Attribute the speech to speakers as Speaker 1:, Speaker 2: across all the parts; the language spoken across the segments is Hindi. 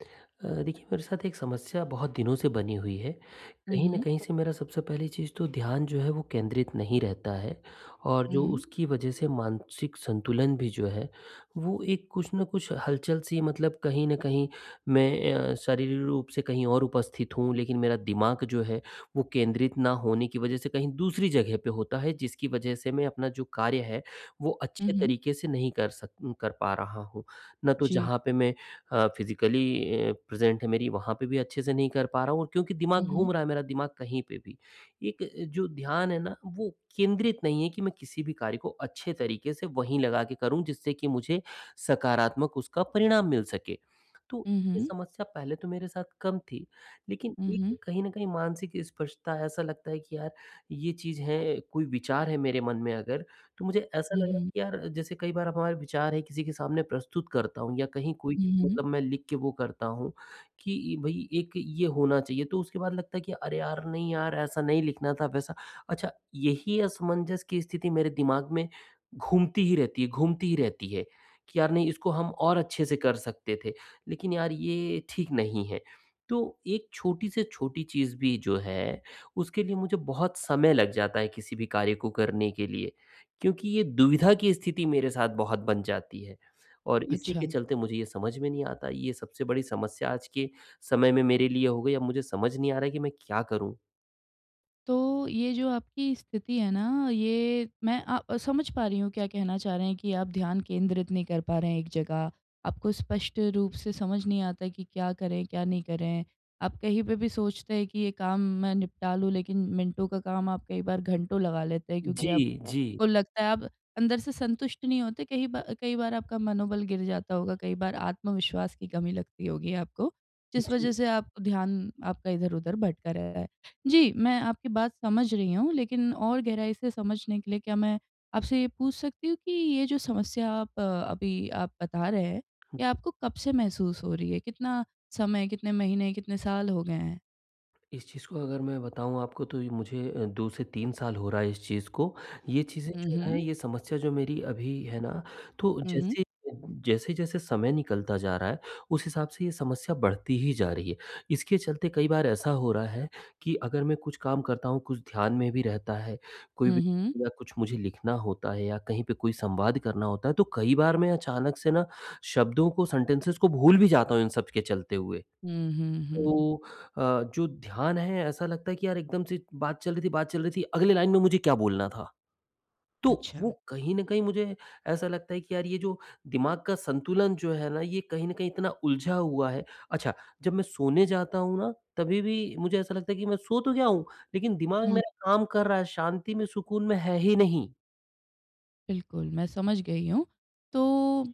Speaker 1: अ, देखिए मेरे साथ एक समस्या बहुत दिनों से बनी हुई है,
Speaker 2: हुँ,
Speaker 1: कहीं न
Speaker 2: हुँ।
Speaker 1: कहीं से मेरा सबसे पहली चीज़ तो ध्यान जो है, वो केंद्रित नहीं रहता है और जो
Speaker 2: हुँ।
Speaker 1: उसकी वजह से मानसिक संतुलन भी जो है, वो एक कुछ न कुछ हलचल-सी है मतलब कहीं न कहीं मैं अ, शारीरिक रूप से कहीं और उपस्थित हूँ, लेकिन मेरा दिमाग जो है वो केंद्रित ना होने की वजह से कहीं दूसरी जगह पे होता है, जिसकी वजह से मैं अपना जो कार्य है, वो
Speaker 2: हुँ,
Speaker 1: अच्छे
Speaker 2: हुँ।
Speaker 1: तरीके से नहीं कर सक उ कर पा रहा हूँ। ना तो
Speaker 2: जी।
Speaker 1: जहाँ पे मैं अ, फ़िज़िकली अ, प्रेज़ेंट है मेरी वहाँ पे भी अच्छे से नहीं कर पा रहा हूँ और क्योंकि
Speaker 2: हुँ,
Speaker 1: दिमाग
Speaker 2: हुँ।
Speaker 1: घूम रहा है मेरा दिमाग कहीं पे भी, एक जो ध्यान है ना, वो केंद्रित नहीं है कि मैं किसी भी कार्य को अच्छे तरीके से वहीं लगा के करूँ जिससे कि मुझे सकारात्मक उसका परिणाम मिल सके। तो
Speaker 2: हुँ,
Speaker 1: ये
Speaker 2: हुँ।
Speaker 1: समस्या पहले तो मेरे साथ कम थी, लेकिन
Speaker 2: हुँ, हुँ।
Speaker 1: एक कहीं न कहीं मानसिक स्पर्शता ऐसा लगता है कि यार ये चीज़ है, कोई विचार है मेरे मन में अगर, तो मुझे ऐसा
Speaker 2: हुँ,
Speaker 1: लगा
Speaker 2: हुँ।
Speaker 1: कि यार जैसे कई बार अपना विचार है किसी के सामने प्रस्तुत करता हूँ या कहीं कोई,
Speaker 2: हुँ, हुँ।
Speaker 1: मतलब मैं लिख के वो करता हूँ कि भई एक ये होना चाहिए तो उसके बाद लगता है कि, अरे यार, नहीं यार, ऐसा नहीं लिखना था वैसा। अच्छा यही असमंजस की स्थिति मेरे दिमाग में घूमती ही रहती है घूमती ही रहती है, कि यार नहीं इसको हम और अच्छे से कर सकते थे, लेकिन यार ये ठीक नहीं है। तो एक छोटी से छोटी चीज़ भी जो है, उसके लिए मुझे बहुत समय लग जाता है किसी भी कार्य को करने के लिए, क्योंकि ये दुविधा की स्थिति मेरे साथ बहुत बन जाती है और इसी के
Speaker 2: अच्छा।
Speaker 1: चलते मुझे ये समझ में नहीं आता, ये सबसे बड़ी समस्या आज के समय में मेरे लिए हो गई है, अब मुझे समझ नहीं आ रहा है कि मैं क्या करूँ?
Speaker 2: तो ये जो आपकी स्थिति है ना, ये मैं अ, समझ पा रही हूँ, क्या कहना चाह रहे हैं, कि आप ध्यान केंद्रित नहीं कर पा रहे हैं एक जगह, आपको स्पष्ट रूप से समझ नहीं आता कि क्या करें, क्या नहीं करें? आप कहीं पे भी सोचते हैं कि ये काम मैं निपटा लूँ, लेकिन मिनटों का काम आप कई बार घंटों लगा लेते हैं क्योंकि
Speaker 1: जी, जी।
Speaker 2: आपको लगता है आप अंदर से संतुष्ट नहीं होते, कही बार कई बार आपका मनोबल गिर जाता होगा, कई बार आत्मविश्वास की कमी लगती होगी आपको, जिस
Speaker 1: जी।
Speaker 2: वज़ह से आप ध्यान आपका इधर-उधर भटक रहा है। जी, मैं आपकी बात समझ रही हूँ, लेकिन और गहराई से समझने के लिए क्या मैं आपसे ये पूछ सकती हूँ कि ये जो समस्या आप अभी आप बता रहे हैं, ये आपको कब से महसूस हो रही है? कितना समय, कितने महीने, कितने साल हो गए हैं?
Speaker 1: इस चीज़ को अगर मैं बताऊँ आपको तो ये मुझे अ, 2 से 3 साल हो रहा है इस चीज़ को, ये चीज़ें
Speaker 2: हुँ,
Speaker 1: जो हैं,
Speaker 2: हुँ।
Speaker 1: ये समस्या जो मेरी अभी है ना, तो
Speaker 2: हुँ।
Speaker 1: जैसे, जैसे-जैसे समय निकलता जा रहा है, उस हिसाब से ये समस्या बढ़ती ही जा रही है, इसके चलते कई बार ऐसा हो रहा है कि अगर मैं कुछ काम करता हूँ, कुछ ध्यान में भी रहता है, कोई
Speaker 2: हुँ,
Speaker 1: भी बात
Speaker 2: हुँ।
Speaker 1: या कुछ मुझे लिखना होता है या कहीं पे कोई संवाद करना होता है, तो कई बार मैं अचानक से ना शब्दों को, सेंटेंसेस को भूल भी जाता हूँ इन सब के चलते हुए,
Speaker 2: हुँ, हुँ, हुँ।
Speaker 1: तो अ, जो ध्यान है ऐसा लगता है कि यार एकदम से बात चल रही थी बात चल रही थी, अगली लाइन में मुझे क्या बोलना था, तो वो
Speaker 2: अच्छा।
Speaker 1: कहीं न कहीं मुझे ऐसा लगता है कि यार ये जो दिमाग का संतुलन जो है ना, ये कहीं न कहीं इतना उलझा हुआ है अच्छा, जब मैं सोने जाता हूँ ना, तभी-भी मुझे ऐसा लगता है कि मैं सो तो गया हूँ, लेकिन दिमाग
Speaker 2: हुँ।
Speaker 1: मेरा काम कर रहा है, शांति में, सुकून में है ही नहीं।
Speaker 2: बिल्कुल, मैं समझ गई हूँ। तो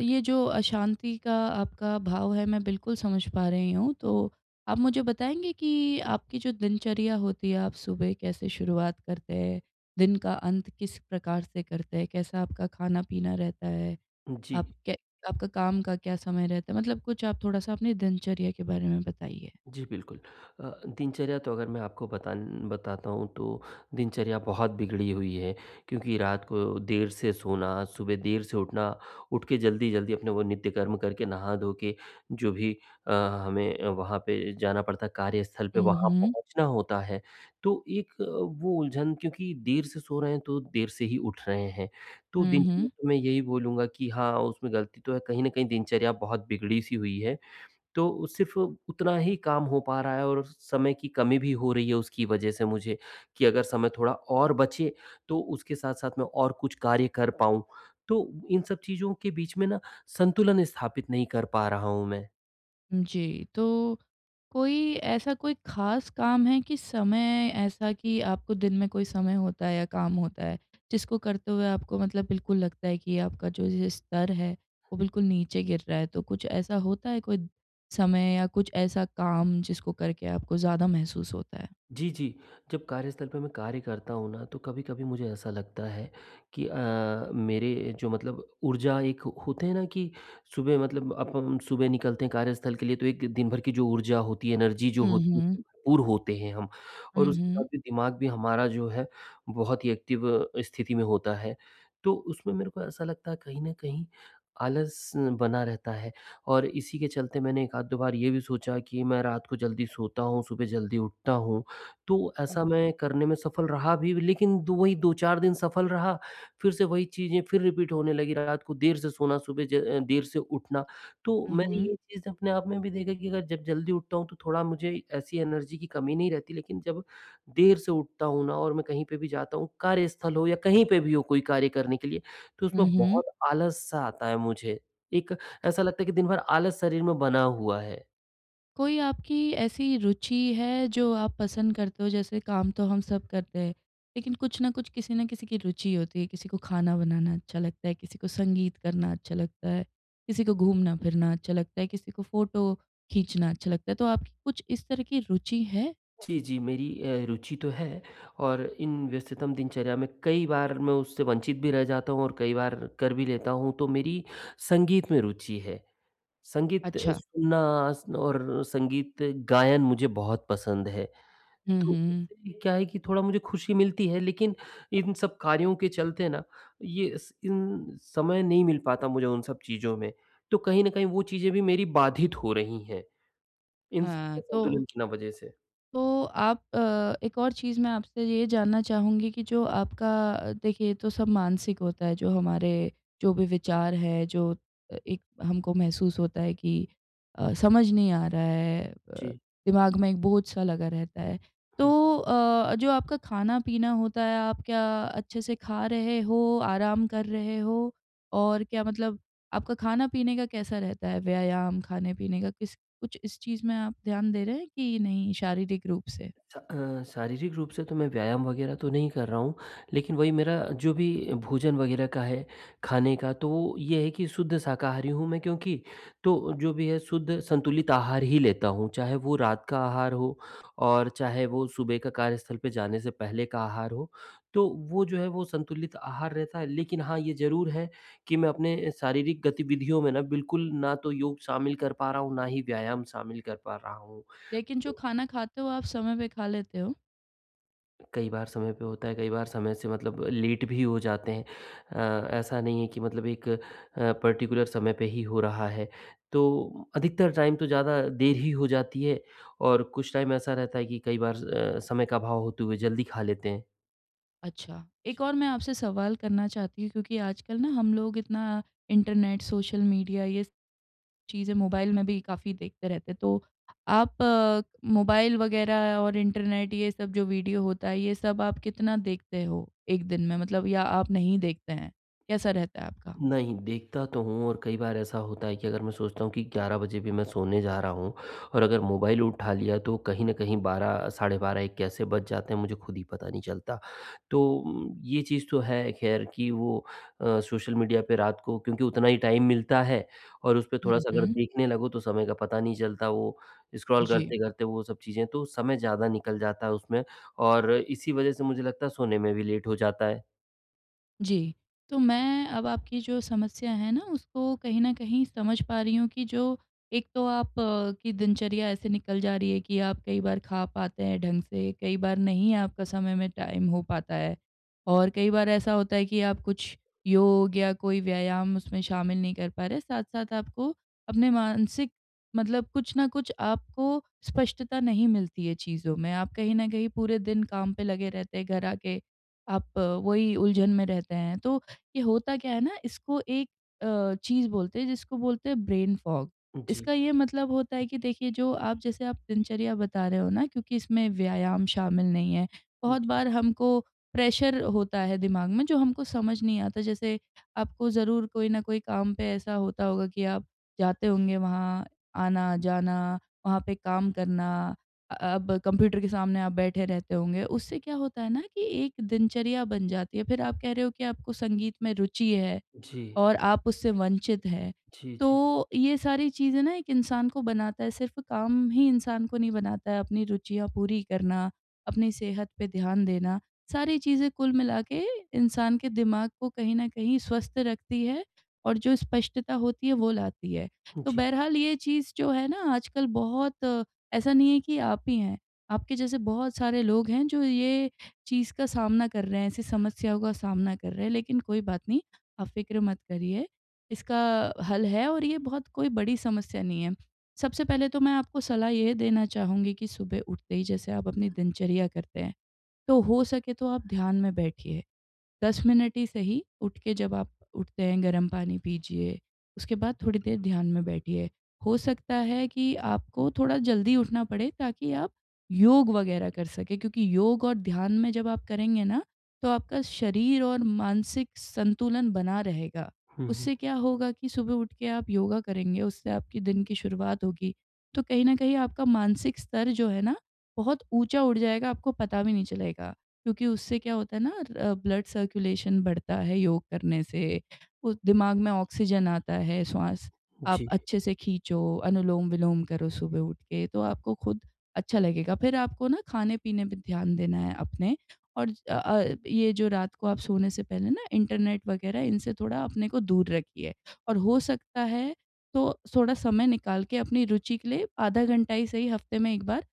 Speaker 2: ये जो अशांति का आपका भाव है, मैं बिल्कुल समझ पा रही हूँ तो, आप मुझे बताएँगे कि आपकी जो दिनचर्या होती है, आप सुबह कैसे शुरुआत करते हैं? दिन का अंत किस प्रकार से करते हैं? कैसा आपका खाना-पीना रहता है?
Speaker 1: जी।
Speaker 2: आप के आपका काम का क्या समय रहता है? मतलब कुछ आप थोड़ा-सा अपनी दिनचर्या के बारे में बताइए।
Speaker 1: जी, बिल्कुल। अ, दिनचर्या तो अगर मैं आपको बतान बताता हूँ तो दिनचर्या बहुत बिगड़ी हुई है क्योंकि रात को देर से सोना, सुबह देर से उठना, उठ के जल्दी-जल्दी अपने वो नित्य कर्म करके, नहा धो के, जो भी अ, हमें वहाँ पे जाना पड़ता है कार्यस्थल पे,
Speaker 2: हुँ,
Speaker 1: वहाँ
Speaker 2: हुँ।
Speaker 1: पहुँचना होता है। तो एक वो उलझन क्योंकि देर से सो रहे हैं, तो देर से ही उठ रहे हैं, तो
Speaker 2: हुँ, हुँ।
Speaker 1: दिनचर्या में यही बोलूँगा कि हाँ, उसमें गलती तो है कहीं न कहीं दिनचर्या बहुत बिगड़ी-सी हुई है, तो सिर्फ़ उतना ही काम हो पा रहा है और समय की कमी भी हो रही है उसकी वजह से मुझे, कि अगर समय थोड़ा और बचे, तो उसके साथ-साथ मैं और कुछ कार्य कर पाऊँ। तो इन सब चीज़ों के बीच में ना संतुलन स्थापित नहीं कर पा रहा हूँ मैं।
Speaker 2: जी, तो कोई ऐसा कोई खास काम है कि समय ऐसा कि आपको दिन में कोई समय होता है या काम होता है, जिसको करते हुए आपको मतलब बिल्कुल लगता है कि आपका जो ये स्तर है, वो बिल्कुल नीचे गिर रहा है? तो कुछ ऐसा होता है कोई समय या कुछ ऐसा काम जिसको करके आपको ज़्यादा महसूस होता है?
Speaker 1: जी, जी, जब कार्यस्थल पे मैं कार्य करता हूँ ना, तो कभी-कभी मुझे ऐसा लगता है कि अ, मेरे जो मतलब ऊर्जा एक होते हैं ना कि सुबह मतलब अपन सुबह निकलते हैं कार्यस्थल के लिए, तो एक दिन-भर की जो ऊर्जा होती है, एनर्जी जो
Speaker 2: हुँ,
Speaker 1: होती
Speaker 2: हुँ।
Speaker 1: उससे पूर्ण होते हैं हम
Speaker 2: हुँ,
Speaker 1: और उसके साथ
Speaker 2: हुँ।
Speaker 1: में दिमाग भी हमारा जो है, बहुत ही एक्टिव स्थिति में होता है। तो उसमें मेरे को ऐसा लगता है कहीं न कहीं आलस बना रहता है और इसी के चलते मैंने 1 आध, 2 बार ये भी सोचा कि मैं रात को जल्दी सोता हूँ, सुबह जल्दी उठता हूँ, तो ऐसा
Speaker 2: हुँ।
Speaker 1: मैं करने में सफल रहा भी लेकिन 2 ही 2-4 दिन सफल रहा। फिर से वही चीज़ें फिर रिपीट होने लगी, रात को देर से सोना, सुबह ज अ, देर से उठना, तो
Speaker 2: हुँ,
Speaker 1: मैंने
Speaker 2: हुँ।
Speaker 1: ये चीज़ अपने आप में भी देखा कि अगर जब जल्दी उठता हूँ, तो थोड़ा मुझे ऐसी एनर्जी की कमी नहीं रहती, लेकिन जब देर से उठता हूँ ना और मैं कहीं पे भी जाता हूँ, कार्यस्थल हो या कहीं पे भी हो, कोई कार्य करने के लिए, तो उसमें
Speaker 2: हुँ, हुँ।
Speaker 1: बहुत आलस सा आता है मुझे, एक ऐसा लगता है कि दिन-भर आलस शरीर में बना हुआ है।
Speaker 2: कोई आपकी ऐसी रुचि है जो आप पसंद करते हों, जैसे काम तो हम सब करते हैं, लेकिन कुछ ना कुछ, किसी ना किसी की रुचि होती है। किसी को खाना बनाना अच्छा लगता है, किसी को संगीत करना अच्छा लगता है, किसी को घूमना-फिरना अच्छा लगता है, किसी को फ़ोटो खींचना अच्छा लगता है, तो आपकी कुछ इस तरह की रुचि है?
Speaker 1: जी, जी। मेरी अ, रुचि तो है और इन व्यस्ततम दिनचर्या में कई बार मैं उससे वंचित भी रह जाता हूँ और कई बार कर भी लेता हूँ, तो मेरी संगीत में रुचि है, संगीत
Speaker 2: अच्छा।
Speaker 1: सुनना और अ, संगीत गायन मुझे बहुत पसंद है,
Speaker 2: हुँ,
Speaker 1: तो
Speaker 2: हुँ।
Speaker 1: उससे क्या है कि थोड़ा मुझे खुशी मिलती है लेकिन इन सब कार्यों के चलते ना ये इस इन समय नहीं मिल पाता मुझे उन सब चीज़ों में, तो कहीं न कहीं वो चीज़ें भी मेरी बाधित हो रही हैं, इन
Speaker 2: हाँ,
Speaker 1: सबके
Speaker 2: तो
Speaker 1: असंतुलन की ना वज़ह से।
Speaker 2: तो आप अ, एक और चीज़ मैं आपसे ये जानना चाहूँगी कि जो आपका अ, देखिए ये तो सब मानसिक होता है, जो हमारे जो भी विचार हैं, जो अ, एक हमको महसूस होता है कि अ, समझ नहीं आ रहा है अ,
Speaker 1: जी।
Speaker 2: दिमाग में एक बोझ-सा लगा रहता है। तो
Speaker 1: हुँ।
Speaker 2: अ, जो आपका खाना-पीना होता है, आप क्या अच्छे से खा रहे हो? आराम कर रहे हो? और क्या मतलब आपका खाना-पीने का कैसा रहता है, व्यायाम खाने-पीने का, किस कुछ इस चीज़ में आप ध्यान दे रहे हैं कि नहीं, शारीरिक रूप से?
Speaker 1: स अ, शारीरिक रूप से तो मैं व्यायाम वग़ैरह तो नहीं कर रहा हूँ, लेकिन वही मेरा जो भी भोजन वग़ैरह का है, खाने का, तो वो ये है कि शुद्ध शाकारी हूँ मैं क्योंकि, तो जो भी है शुद्ध संतुलित आहार ही लेता हूँ, चाहे वो रात का आहार हो और चाहे वो सुबह का कार्यस्थल पे जाने से पहले का आहार हो, तो वो जो है वो संतुलित आहार रहता है। लेकिन हाँ, ये ज़रूर है कि मैं अपने शारीरिक गतिविधियों में ना, बिल्कुल ना तो योग शामिल कर पा रहा हूँ, ना ही व्यायाम शामिल कर पा रहा हूँ।
Speaker 2: लेकिन जो
Speaker 1: तो
Speaker 2: खाना खाते हो आप, समय पे खा लेते हो?
Speaker 1: कई बार समय पे होता है, कई बार समय से मतलब लेट भी हो जाते हैं अ, ऐसा नहीं है कि मतलब एक अ, पर्टिकुलर समय पे ही हो रहा है। तो अधिकतर टाइम तो ज़्यादा देर ही हो जाती है और कुछ टाइम ऐसा रहता है कि कई बार अ, समय का अभाव होते हुए जल्दी खा लेते हैं।
Speaker 2: अच्छा। एक और मैं आपसे सवाल करना चाहती हूँ क्योंकि आजकल ना हम लोग इतना इंटरनेट, सोशल मीडिया ये चीज़ें मोबाइल में भी काफ़ी देखते रहते, तो आप मोबाइल वगैरह और इंटरनेट, ये सब जो वीडियो होता है ये सब आप कितना देखते हो 1 दिन में? मतलब या आप नहीं देखते हैं? कैसा रहता है आपका?
Speaker 1: नहीं, देखता तो हूँ और कई बार ऐसा होता है कि अगर मैं सोचता हूँ कि 11 बजे भी मैं सोने जा रहा हूँ और अगर मोबाइल उठा लिया तो कहीं न कहीं 12 साढ़े 12 1 कैसे बज जाते हैं मुझे खुद ही पता नहीं चलता। तो ये चीज़ तो है ख़ैर कि वो अ, सोशल मीडिया पे रात को क्योंकि उतना ही टाइम मिलता है और उसपे
Speaker 2: हुँ,
Speaker 1: थोड़ा-सा अगर
Speaker 2: हुँ।
Speaker 1: देखने लगो तो समय का पता नहीं चलता वो स्क्रॉल
Speaker 2: जी।
Speaker 1: करते-करते वो सब चीज़ें, तो समय ज़्यादा निकल जाता है उसमें और इसी वजह से मुझे लगता है सोने में भी लेट हो जाता है।
Speaker 2: जी। तो मैं अब आपकी जो समस्या है ना, उसको कहीं न कहीं समझ पा रही हूँ कि जो एक तो आप की दिनचर्या ऐसे निकल जा रही है कि आप कई बार खा पाते हैं ढंग से, कई बार नहीं आपका समय में टाइम हो पाता है। और कई बार ऐसा होता है कि आप कुछ योग या कोई व्यायाम उसमें शामिल नहीं कर पा रहे हैं, साथ-साथ आपको अपने मानसिक मतलब कुछ न कुछ आपको स्पष्टता नहीं मिलती है चीज़ों में, आप कहीं न कहीं पूरे दिन काम पे लगे रहते हैं, घर आके आप वही उलझन में रहते हैं। तो ये होता क्या है ना, इसको एक अ, चीज़ बोलते हैं, जिसको बोलते हैं ब्रेन फॉग।
Speaker 1: जी।
Speaker 2: इसका ये मतलब होता है कि देखिए, जो आप जैसे आप दिनचर्या बता रहे हो ना, क्योंकि इसमें व्यायाम शामिल नहीं है, बहुत
Speaker 1: जी।
Speaker 2: बार हमको प्रेशर होता है दिमाग में जो हमको समझ नहीं आता, जैसे आपको ज़रूर कोई न कोई काम पे ऐसा होता होगा कि आप जाते होंगे वहाँ, आना-जाना, वहाँ पे काम करना अ, अब कंप्यूटर के सामने आप बैठे रहते होंगे। उससे क्या होता है ना कि एक दिनचर्या बन जाती है, फिर आप कह रहे हो कि आपको संगीत में रुचि है
Speaker 1: जी।
Speaker 2: और आप उससे वंचित हैं,
Speaker 1: जी, जी।
Speaker 2: तो ये सारी चीज़ें ना एक इंसान को बनाता है, सिर्फ़ काम ही इंसान को नहीं बनाता, अपनी रुचियाँ पूरी करना, अपनी सेहत पे ध्यान देना, सारी चीज़ें कुल मिला के इंसान के दिमाग को कहीं न कहीं स्वस्थ रखती हैं, और जो स्पष्टता होती है, वो लाती है। तो
Speaker 1: जी।
Speaker 2: बहरहाल, ये चीज़ जो है ना आजकल बहुत ऐसा नहीं है कि आप ही हैं। आपके जैसे बहुत सारे लोग हैं, जो ये चीज़ का सामना कर रहे हैं, ऐसी समस्याओं का सामना कर रहे हैं। लेकिन कोई बात नहीं, आप फ़िक्र मत करिए, इसका हल है और ये बहुत कोई बड़ी समस्या नहीं है। सबसे पहले तो मैं आपको सलाह यह देना चाहूँगी कि सुबह उठते ही जैसे आप अपनी दिनचर्या करते हैं, तो हो सके तो आप ध्यान में बैठिए, 10 मिनट ही सही। उठ के जब आप उठते हैं, गर्म पानी पीजिए, उसके बाद थोड़ी देर ध्यान में बैठिए, हो सकता है कि आपको थोड़ा जल्दी उठना पड़े ताकि आप योग वगैरह कर सके, क्योंकि योग और ध्यान में जब आप करेंगे ना, तो आपका शरीर और मानसिक संतुलन बना रहेगा।
Speaker 1: हुँ, हुँ।
Speaker 2: उससे क्या होगा कि सुबह उठ के आप योगा करेंगे, उससे आपकी दिन की शुरुआत होगी, तो कहीं न कहीं आपका मानसिक स्तर जो है ना बहुत ऊँचा उठ जाएगा, आपको पता भी नहीं चलेगा क्योंकि उससे क्या होता है ना अ, ब्लड सर्कुलेशन बढ़ता है योग करने से, वो दिमाग में ऑक्सीजन आता है, स्वास आप
Speaker 1: जी।
Speaker 2: अच्छे से खींचो, अनुलोम-विलोम करो सुबह उठ के, तो आपको खुद अच्छा लगेगा, फिर आपको ना खाने-पीने पे ध्यान देना है अपने, और ज अ अ, ये जो रात को आप सोने से पहले ना इंटरनेट वगैरह, इनसे थोड़ा अपने को दूर रखिए। और हो सकता है, तो थोड़ा समय निकाल के अपनी रुचि के लिए आधा घंटा ही सही हफ़्ते में 1 बार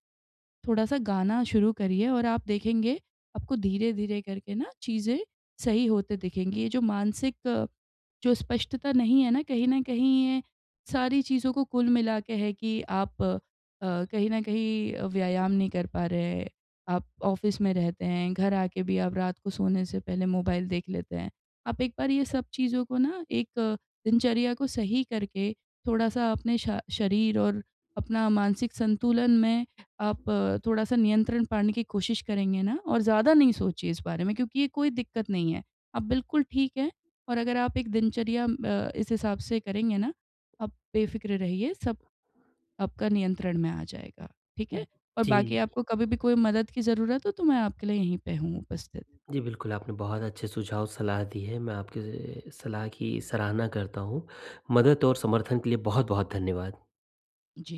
Speaker 2: थोड़ा-सा गाना शुरू करिए, और आप देखेंगे, आपको धीरे-धीरे करके ना चीज़ें सही होते दिखेंगी। ये जो मानसिक जो स्पष्टता नहीं है ना, कहीं न कहीं ये सारी चीज़ों को कुल मिला के है कि आप अ, कहीं न कहीं अ, व्यायाम नहीं कर पा रहे, आप ऑफ़िस में रहते हैं, घर आके भी आप रात को सोने से पहले मोबाइल देख लेते हैं। आप एक बार ये सब चीज़ों को ना एक दिनचर्या को सही करके थोड़ा-सा अपने शा शरीर और अपना मानसिक संतुलन में आप थोड़ा-सा नियंत्रण पाने की कोशिश करेंगे ना, और ज़्यादा नहीं सोचिए इस बारे में क्योंकि ये कोई दिक्कत नहीं है। आप बिल्कुल ठीक हैं, और अगर आप एक दिनचर्या अ, इस हिसाब से करेंगे ना, आप बेफ़िक्र रहिए सब आपका नियंत्रण में आ जाएगा, ठीक
Speaker 1: उ,
Speaker 2: है। और बाकी
Speaker 1: जी।
Speaker 2: आपको कभी भी कोई मदद की ज़रूरत हो, तो मैं आपके लिए यहीं पे हूँ उपस्थित।
Speaker 1: जी, बिल्कुल, आपने बहुत अच्छे सुझाव, सलाह दी है। मैं आपके ए, सलाह की सराहना करता हूँ, मदद और समर्थन के लिए बहुत-बहुत धन्यवाद।
Speaker 2: जी।